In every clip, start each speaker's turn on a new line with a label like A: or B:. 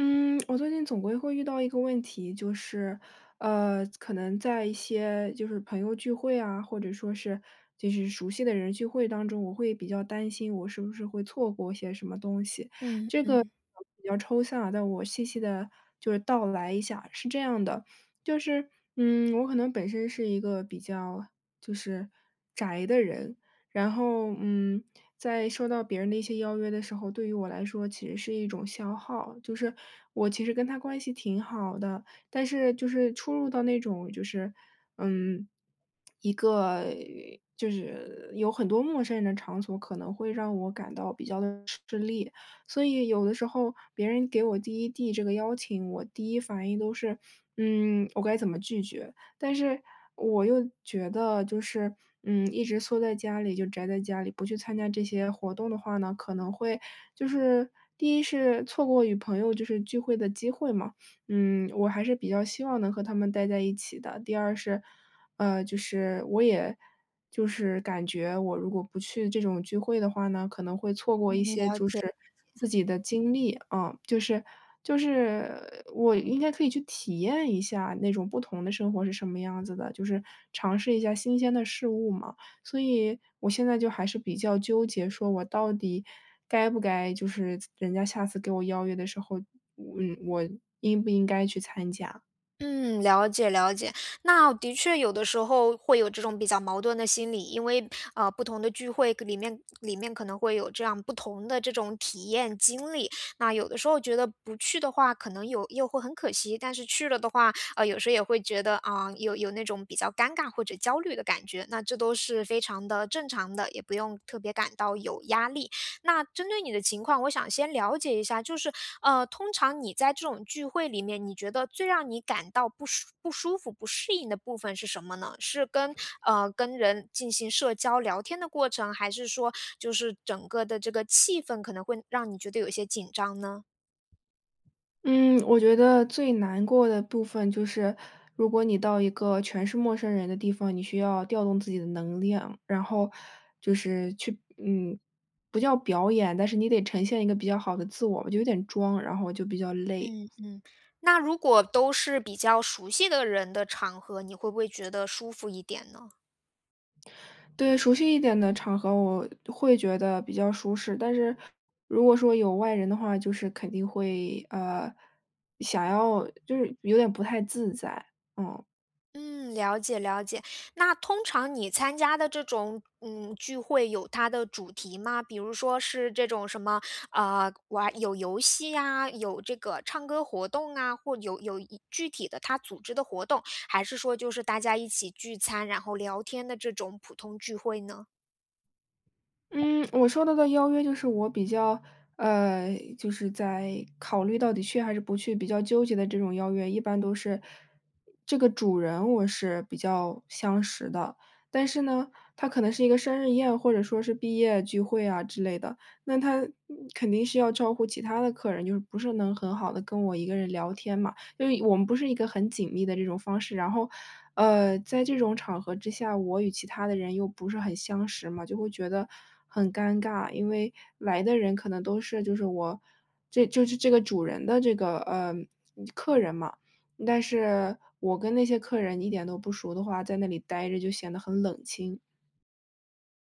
A: 嗯，我最近总归会遇到一个问题，就是，呃，可能在一些就是朋友聚会啊，或者说是，就是熟悉的人聚会当中，我会比较担心我是不是会错过些什么东西。
B: 嗯，
A: 这个可
B: 嗯。
A: 能比较抽象啊，但我细细地就是道来一下。是这样的，就是，嗯，我可能本身是一个比较就是宅的人，然后，嗯，在受到别人的一些邀约的时候，对于我来说其实是一种消耗，就是，我其实跟他关系挺好的，但是就是出入到那种，就是，嗯，一个，就是有很多陌生人的场所，可能会让我感到比较地吃力。所以有的时候别人给我第一递这个邀请，我第一反应都是：“嗯，我该怎么拒绝？”但是我又觉得就是，嗯，一直缩在家里就宅在家里，不去参加这些活动的话呢，可能会，就是，第一是错过与朋友就是聚会的机会嘛。嗯，我还是比较希望能和他们呆在一起的。第二是，呃，就是，我也就是感觉，我如果不去这种聚会的话呢，可能会错过
B: 嗯，
A: 一些，
B: 了
A: 就
B: 解。
A: 是自己的经历，啊。就是就是，我应该可以去体验一下那种不同的生活是什么样子的，就是尝试一下新鲜的事物嘛。所以，我现在就还是比较纠结说，我到底该不该就是，人家下次给我邀约的时候，嗯，我应不应该去参加。
B: 嗯，了解了解，那的确有的时候，会有这种比较矛盾的心理，因为，呃，不同的聚会可里面里面可能会有这样不同的这种体验经历，那有的时候觉得不去的话，可能有又会很可惜，但是去了的话，呃，有时候也会觉得，啊，有有那种比较尴尬或者焦虑的感觉，那这都是非常地正常的，也不用特别感到有压力。那针对你的情况，我想先了解一下，就是，呃，通常你在这种聚会里面，你觉得最让你感到不舒不舒服、不适应的部分是什么呢？是跟呃，跟人进行社交聊天的过程，还是说，就是整个的这个气氛，可能会让你觉得有些紧张呢？
A: 嗯，我觉得最难过的部分就是，如果你到一个全是陌生人的地方，你需要调动自己的能量，然后就是去嗯，不叫表演，但是你得呈现一个比较好的自我，就有点装，然后我就比较累。
B: 嗯嗯，那如果都是比较熟悉的人的场合，你会不会觉得舒服一点呢？
A: 对，熟悉一点的场合，我会觉得比较舒适。但是，如果说有外人的话，就是肯定会，呃，想要就是有点不太自在。嗯。
B: 嗯，了解了解。那通常你参加的这种，嗯，聚会，有它的主题吗？比如说是这种什么，呃，玩有游戏呀，有这个唱歌活动啊，或有有具体的他组织的活动。还是说就是大家一起聚餐，然后聊天的这种普通聚会呢？
A: 嗯，我收到的邀约就是我比较呃，就是在考虑到底去还是不去比较纠结的这种邀约，一般都是，这个主人我是比较相识的。但是呢，它可能是一个生日宴，或者说是毕业聚会啊之类的。那他肯定是要照顾其他的客人，就是不是能很好地跟我一个人聊天嘛。因为我们不是一个很紧密的这种方式，然后，呃，在这种场合之下，我与其他的人又不是很相识嘛，就会觉得很尴尬。因为，来的人可能都是，就是我这就是这个主人的这个，呃，客人嘛，但是我跟那些客人一点都不熟的话，在那里呆着就显得很冷清。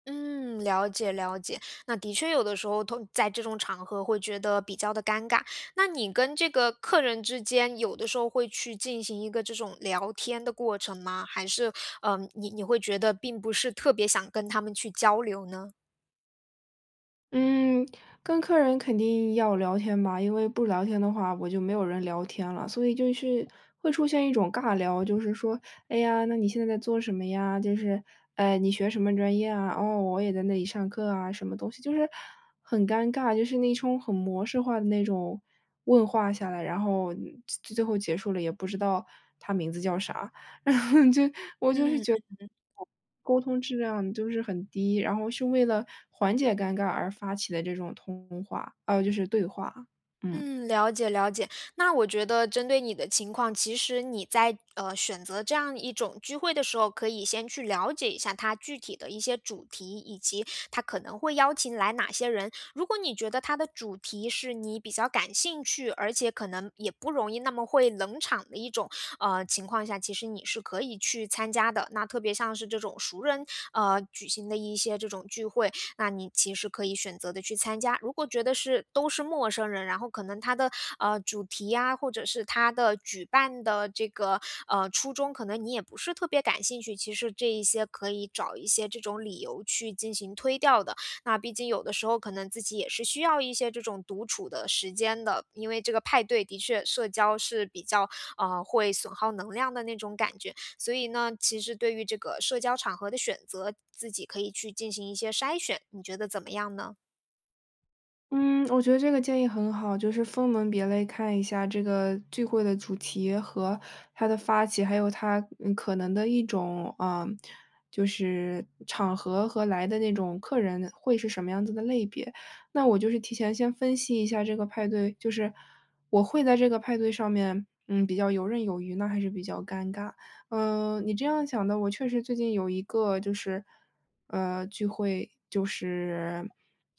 B: 嗯，了解了解。那的确有的时候，同在这种场合会觉得比较的尴尬。那你跟这个客人之间，有的时候会去进行一个这种聊天的过程吗？还是，呃，你你会觉得并不是特别想跟他们去交流呢？
A: 嗯，跟客人肯定要聊天吧，因为不聊天的话，我就没有人聊天了。所以就是会出现一种尬聊，就是说，“哎呀，那你现在在做什么呀？”就是，“哎，你学什么专业啊？哦，我也在那里上课啊“，什么东西，就是很尴尬，就是那种很模式化的那种问话下来，然后最最后结束了也不知道，他名字叫啥，然后就我就是
B: 嗯，嗯
A: 觉得，
B: 嗯。
A: 沟通质量就是很低，然后是为了缓解尴尬而发起的这种通通话呃，就是对话，嗯。
B: 嗯，了解了解。那我觉得针对你的情况，其实你在，呃，选择这样一种聚会的时候，可以先去了解一下它具体的一些主题，以及它可能会邀请来哪些人。如果你觉得它的主题是你比较感兴趣，而且可能也不容易那么会冷场的一种，呃，情况下，其实你是可以去参加的。那特别像是这种熟人，呃，举行的一些这种聚会，那你其实可以选择地去参加。如果觉得是，都是陌生人，然后可能它的，呃，主题呀，或者是它的举办的这个，呃，初衷，可能你也不是特别感兴趣，其实这一些可以找一些这种理由去进行推掉的。那毕竟有的时候可能自己也是需要一些这种独处的时间的，因为这个派对的确社交是比较，呃，会损耗能量的那种感觉。所以呢，其实对于这个社交场合的选择，自己可以去进行一些筛选，你觉得怎么样呢？
A: 嗯，我觉得这个建议很好，就是分门别类看一下这个聚会的主题和它的发起，还有它，嗯，可能的一种，呃，就是场合和来的那种客人，会是什么样子的类别。那我就是提前先分析一下这个派对，就是，我会在这个派对上面，嗯，比较游刃有余呢，那还是比较尴尬。嗯，你这样想的，我确实最近有一个，就是，呃，聚会，就是，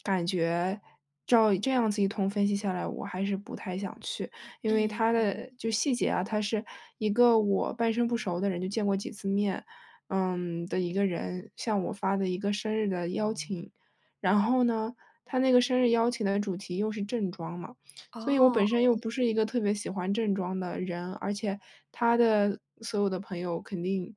A: 感觉照这样子一通分析下来，我还是不太想去。因为
B: 嗯，
A: 它
B: 嗯。
A: 的就细节啊，它是一个我半生不熟的人，就见过几次面，嗯，的一个人向我发的一个生日的邀请，然后呢，他那个生日邀请的主题又是正装嘛，
B: 哦
A: 所以我本身又
B: 哦。
A: 不是一个特别喜欢正装的人，而且他的所有的朋友，肯定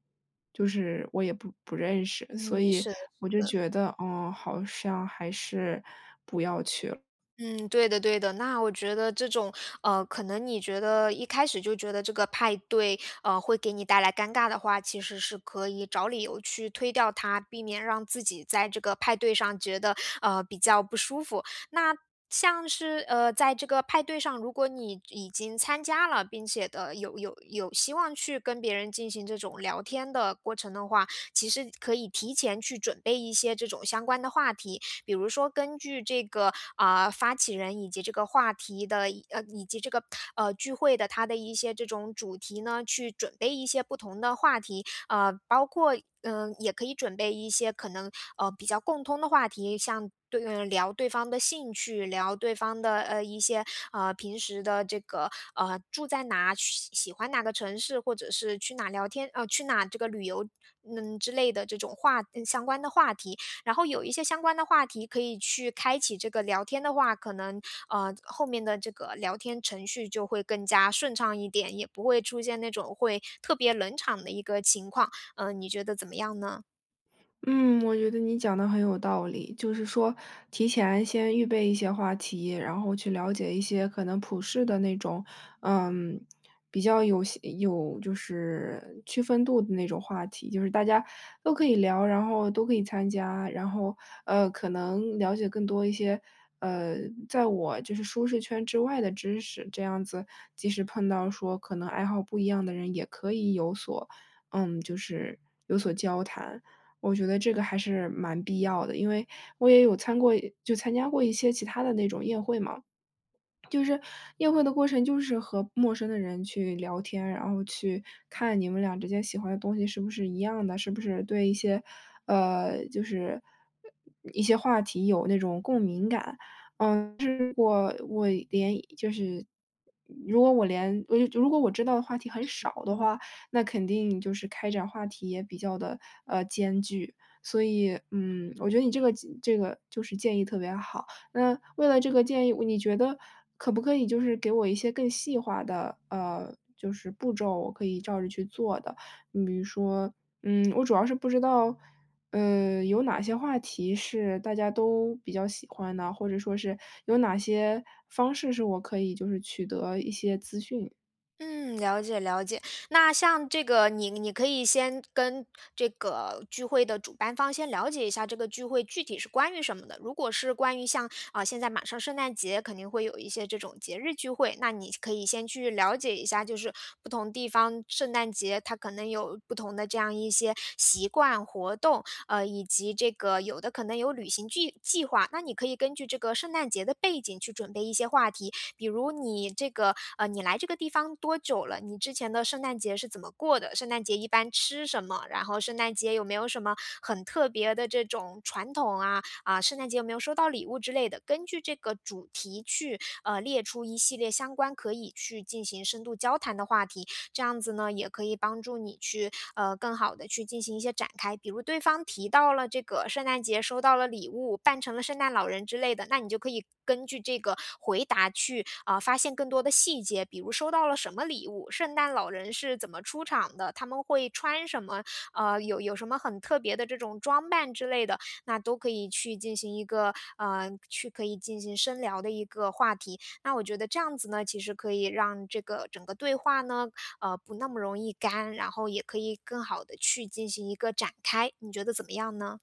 A: 就是我也不不认识，所
B: 嗯，
A: 以，
B: 是的
A: 我就
B: 是的。
A: 觉得，哦，好像还是不要去了。
B: 嗯，对的对的，那我觉得这种，呃，可能你觉得一开始就觉得这个派对，呃，会给你带来尴尬的话，其实是可以找理由去推掉它，避免让自己在这个派对上觉得，呃，比较不舒服。那像是，呃，在这个派对上，如果你已经参加了，并且的，有有有希望去跟别人进行这种聊天的过程的话，其实可以提前去准备一些这种相关的话题。比如说根据这个，啊，发起人以及这个话题的以呃，以及这个，呃，聚会的它的一些这种主题呢，去准备一些不同的话题。啊，包括，嗯，也可以准备一些可能，呃，比较共通的话题，像对嗯，聊对方的兴趣，聊对方的，呃，一些，呃，平时的这个，呃，住在哪，喜喜喜欢哪个城市，或者是去哪儿聊天呃，去哪这个旅游，嗯，之类的这种话嗯，相关的话题。然后有一些相关的话题可以去开启这个聊天的话，可能，呃，后面的这个聊天程序就会更加顺畅一点，也不会出现那种会特别冷场的一个情况，呃，你觉得怎么样呢？
A: 嗯，我觉得你讲的很有道理。就是说，提前先预备一些话题，然后去了解一些可能普世的那种，嗯，比较有些有就是区分度的那种话题，就是大家都可以聊，然后都可以参加，然后，呃，可能了解更多一些，呃，在我就是舒适圈之外的知识。这样子，即使碰到说可能爱好不一样的人也可以有所嗯，就是有所交谈。我觉得这个还是蛮必要的，因为，我也有参过就参加过一些其他的那种宴会嘛。就是，宴会的过程就是和陌生的人去聊天，然后去看你们俩之间喜欢的东西是不是一样的，是不是对一些，呃，就是一些话题有那种共鸣感。嗯，可是我我连就是如果我连哦又就如果我知道的话题很
B: 嗯
A: 少的
B: 嗯。
A: 话，那肯定就是开展话题也比较地，呃，艰巨。所以，嗯，我觉得你这个建这个就是建议特别好，那为了这个建议，你觉得，可不可以就是给我一些更细化的，呃，就是步骤，我可以照着去做的？你比如说，嗯，我主要是不知道，呃，有哪些话题是大家都比较喜欢的，或者说是，有哪些方式是我可以就是取得一些资讯。
B: 嗯，了解了解。那像这个你你可以先跟这个聚会的主办方，先了解一下这个聚会具体是关于什么的，如果是关于像呃，现在马上圣诞节，肯定会有一些这种节日聚会，那你可以先去了解一下，就是不同地方圣诞节，它可能有不同的这样一些习惯活动，呃，以及这个有的可能有旅行剧计划，那你可以根据这个圣诞节的背景去准备一些话题。比如你这个呃，“你来这个地方多久了，你之前的圣诞节是怎么过的？圣诞节一般吃什么，然后圣诞节有没有什么很特别的这种传统啊，啊圣诞节有没有收到礼物”之类的，根据这个主题去，呃，列出一系列相关可以去进行深度交谈的话题。这样子呢，也可以帮助你去，呃，更好地去进行一些展开。比如对方提到了这个圣诞节收到了礼物，扮成了圣诞老人之类的，那你就可以根据这个回答去，啊，发现更多的细节，比如收到了什么礼物，圣诞老人是怎么出场的，它们会穿什么，呃，有有什么很特别的这种装扮之类的，那都可以去进行一个，呃，去可以进行深聊的一个话题，那我觉得这样子呢，其实可以让这个整个对话呢，呃，不那么容易干，然后也可以更好的去进行一个展开，你觉得怎么样呢？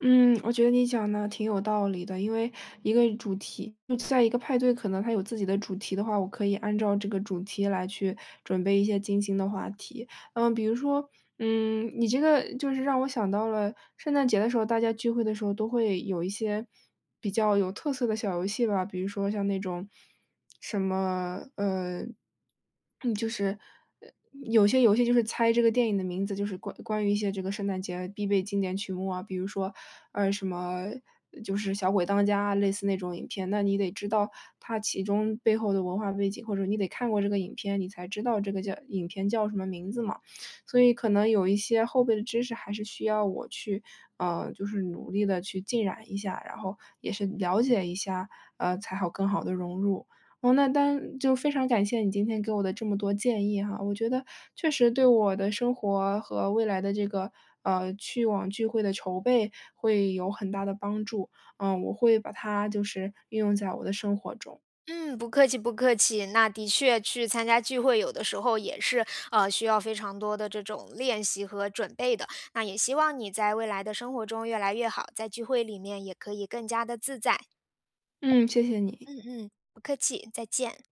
A: 嗯，我觉得你讲的挺有道理的。因为，一个主题就在一个派对可能它有自己的主题的话，我可以按照这个主题来去准备一些精心的话题。呃，比如说，嗯，你这个就是让我想到了圣诞节的时候，大家聚会的时候都会有一些比较有特色的小游戏吧。比如说像那种，什么，呃，嗯，就是呃有些游戏就是猜这个电影的名字，就是关关于一些这个圣诞节啊必备经典曲目啊。比如说，呃，什么，就是《小鬼当家》，类似那种影片，那你得知道，它其中背后的文化背景，或者你得看过这个影片，你才知道这个叫影片叫什么名字嘛。所以可能有一些后备的知识还是需要我去呃，就是努力的去浸染一下，然后也是了解一下，呃，才好更好地融入。嗯那当就非常感谢你今天给我的这么多建议哈，我觉得确实对我的生活和未来的这个，呃，去网聚会的筹备，会有很大的帮助，呃，我会把它就是运用在我的生活中。
B: 嗯，不客气不客气。那的确去参加聚会，有的时候也是，呃，需要非常多的这种练习和准备的，那也希望你在未来的生活中越来越好，在聚会里面也可以更加地自在。
A: 嗯，谢谢你。
B: 嗯嗯，不客气，再见。